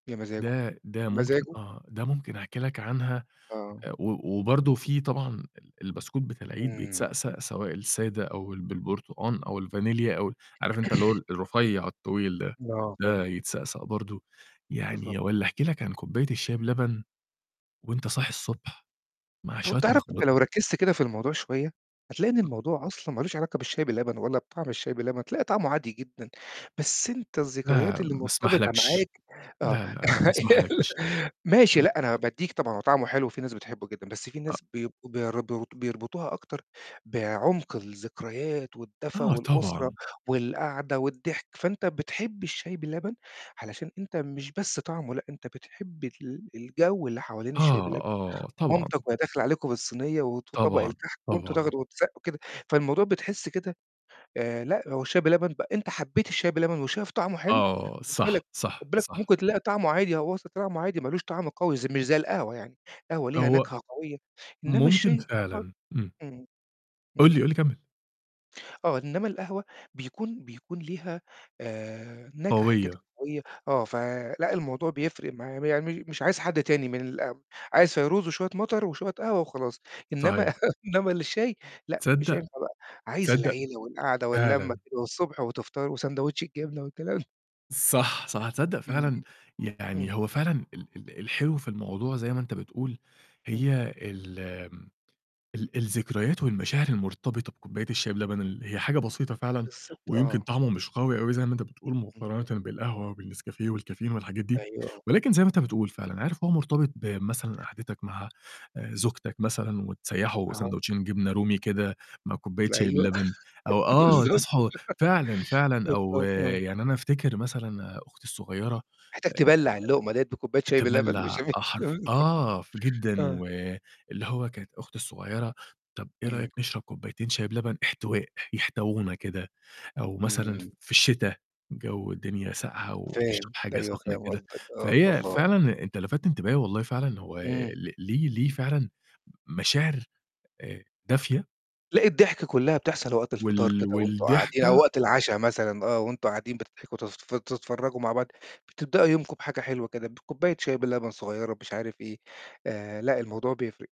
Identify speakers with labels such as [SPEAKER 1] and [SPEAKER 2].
[SPEAKER 1] يا مزاجه
[SPEAKER 2] ده ده
[SPEAKER 1] يا
[SPEAKER 2] ممكن
[SPEAKER 1] مزاجه.
[SPEAKER 2] آه، ده ممكن أحكي لك عنها آآ،
[SPEAKER 1] آه.
[SPEAKER 2] و وبرضه في طبعًا ال البسكوت بتاع العيد
[SPEAKER 1] إمم.
[SPEAKER 2] بيتسقسق سواء السادة أو ال بالبرتقان أو الفانيليا أو ال عارف أنت اللي هو ال الرفيّع الطويل ده،
[SPEAKER 1] آه، فاهم.
[SPEAKER 2] ده يتسقسق برضه،
[SPEAKER 1] بالضبط.
[SPEAKER 2] يعني والّا أحكي لك عن كوباية الشاي بلبن وأنت صاحي الصبح مع
[SPEAKER 1] طَب
[SPEAKER 2] شوية
[SPEAKER 1] تعرف أنت
[SPEAKER 2] مخبوز
[SPEAKER 1] لو ركّزت كده في الموضوع شوية هتلاقي إن الموضوع أصلًا ما لوش علاقة بالشاي باللبن ولا بطعم الشاي بلبن، هتلاقي طعمه عادي جدًا، بس أنت الذكريات
[SPEAKER 2] لأ،
[SPEAKER 1] اللي
[SPEAKER 2] ما
[SPEAKER 1] مرتبطة
[SPEAKER 2] أسمحلكش
[SPEAKER 1] معاك آه،
[SPEAKER 2] لأ، لأ ما أسمحلكش، ما
[SPEAKER 1] ماشي لأ، أنا
[SPEAKER 2] أسمحلكش.
[SPEAKER 1] بادّيك طبعًا هو طعمه حلو وفي ناس بتحبه جدًا بس في
[SPEAKER 2] أ
[SPEAKER 1] ناس بيبقوا برضه بيربطوها أكتر بعمق الذكريات والدفى
[SPEAKER 2] آه،
[SPEAKER 1] والأسرة
[SPEAKER 2] طبعًا.
[SPEAKER 1] والقعدة والضحك، فأنت بتحب الشاي بلبن علشان أنت مش بس طعمه لأ، أنت بتحب ال الجَو اللي حوالين
[SPEAKER 2] آه،
[SPEAKER 1] الشاي بلبن
[SPEAKER 2] آه، طبعًا.
[SPEAKER 1] مامتي وهي داخلة عليكم بالصينية وط وطبق
[SPEAKER 2] طبعًا،
[SPEAKER 1] الكحك وأنتم
[SPEAKER 2] طبعًا.
[SPEAKER 1] تاخدوا وتسقّوا كده، فالموضوع بتحس كده، آآ، لأ، هو الشاي بلبن بق أنت حبّيت الشاي بلبن وشايف طعمه حلو
[SPEAKER 2] آه،
[SPEAKER 1] خُد
[SPEAKER 2] صح،
[SPEAKER 1] بالك خُد
[SPEAKER 2] صح،
[SPEAKER 1] بالك
[SPEAKER 2] صح.
[SPEAKER 1] ممكن تلاقي طعمه عادي هو أصلًا طعمه عادي ما لوش طعم قوي ز مش زي القهوة يعني، القهوة ليها
[SPEAKER 2] هو
[SPEAKER 1] نَكهة قوية إنّما
[SPEAKER 2] ممكن
[SPEAKER 1] الشاي [unintelligible]
[SPEAKER 2] فعلًا، إمم.
[SPEAKER 1] إمم.
[SPEAKER 2] قُل
[SPEAKER 1] إمم.
[SPEAKER 2] لي، قُل لي كمّل.
[SPEAKER 1] آه، إنّما القهوة بيكون بيكون ليها آآ، نَكهة كده
[SPEAKER 2] قوية.
[SPEAKER 1] قوية آه، ف لأ، الموضوع بيفرق مع يعني مش عايز حد تاني من الأم عايز فيروز وشوية مطر وشوية قهوة وخلاص، إنّما
[SPEAKER 2] صحيح.
[SPEAKER 1] إنّما للشاي لأ، مش
[SPEAKER 2] تصدّق
[SPEAKER 1] هينفع بقى، عايز
[SPEAKER 2] تصدق
[SPEAKER 1] العيلة والقعدة واللمة
[SPEAKER 2] فعلًا.
[SPEAKER 1] كده والصبح وتفطروا وساندوتش الجبنة والكلام.
[SPEAKER 2] صح، صح، تصدّق
[SPEAKER 1] إمم،
[SPEAKER 2] فعلًا
[SPEAKER 1] إمم. إمم.
[SPEAKER 2] يعني هو فعلًا ال ال الحلو في الموضوع زي ما أنت بتقول
[SPEAKER 1] إمم،
[SPEAKER 2] هي الم ال الذكريات والمشاعر المرتبطة بكوباية الشاي بلبن اللي هي حاجة بسيطة فعلًا
[SPEAKER 1] بالضبط،
[SPEAKER 2] ويمكن
[SPEAKER 1] آه.
[SPEAKER 2] طعمه مش قوي أوي زي ما أنت بتقول
[SPEAKER 1] إمم.
[SPEAKER 2] مُقارنة بالقهوة والنسكافيه والكافيين والحاجات دي،
[SPEAKER 1] أيوه، آه.
[SPEAKER 2] ولكن زي ما أنت بتقول فعلًا عارف هو مرتبط بمثلا قعدتك مع آآ، زوجتك مثلًا وتسيّحوا
[SPEAKER 1] أها.
[SPEAKER 2] ساندوتشين جبنة رومي كده مع
[SPEAKER 1] ج
[SPEAKER 2] كوباية شاي
[SPEAKER 1] أيوه،
[SPEAKER 2] بلبن أو آه،
[SPEAKER 1] بالضبط، مش
[SPEAKER 2] تصحوا فعلًا،
[SPEAKER 1] ع
[SPEAKER 2] فعلًا أو
[SPEAKER 1] [unintelligible] آه.
[SPEAKER 2] يعني أنا أفتكر مثلًا أختي الصغيّرة آآ
[SPEAKER 1] محتاج
[SPEAKER 2] آآ،
[SPEAKER 1] تبلّع اللّقمة لاقيت بكوباية شاي بلبن مش
[SPEAKER 2] تبلّع
[SPEAKER 1] هم
[SPEAKER 2] [unintelligible]
[SPEAKER 1] [unintelligible]
[SPEAKER 2] آه، جدًا
[SPEAKER 1] آه.
[SPEAKER 2] واللي هو كانت أختي الصغيّرة، "طَب إيه رأيك
[SPEAKER 1] إمم.
[SPEAKER 2] نشرب كوبايتين شاي بلبن احتواء، يحتونا كده" أو مثلًا ف
[SPEAKER 1] إمم.
[SPEAKER 2] في الشتا الجو الدنيا سقعة وتشرب
[SPEAKER 1] فاهم،
[SPEAKER 2] حاجة
[SPEAKER 1] أيوه
[SPEAKER 2] سخنة
[SPEAKER 1] فاهم
[SPEAKER 2] كده،
[SPEAKER 1] قصدك، آه،
[SPEAKER 2] فهي
[SPEAKER 1] الله.
[SPEAKER 2] فعلًا أنت لَفَت انتباهي والله فعلًا ل هو
[SPEAKER 1] إمم.
[SPEAKER 2] ل ليه ليه فعلًا م مشاعر آآ، دافية.
[SPEAKER 1] لأ، الضحكة كلّها بتحصل وقت الفطار
[SPEAKER 2] وال
[SPEAKER 1] كده، وأنتم قاعدين أو
[SPEAKER 2] والضحكة
[SPEAKER 1] وقت العشا مثلًا آه وأنتم قاعدين بتضحكم تنف تتفرّجوا مع بعض، بتبدأوا يومكم بحاجة حلوة كده بكوباية شاي بلبن صغيّرة مش عارف إيه، آآ، لأ، الموضوع بيفرق.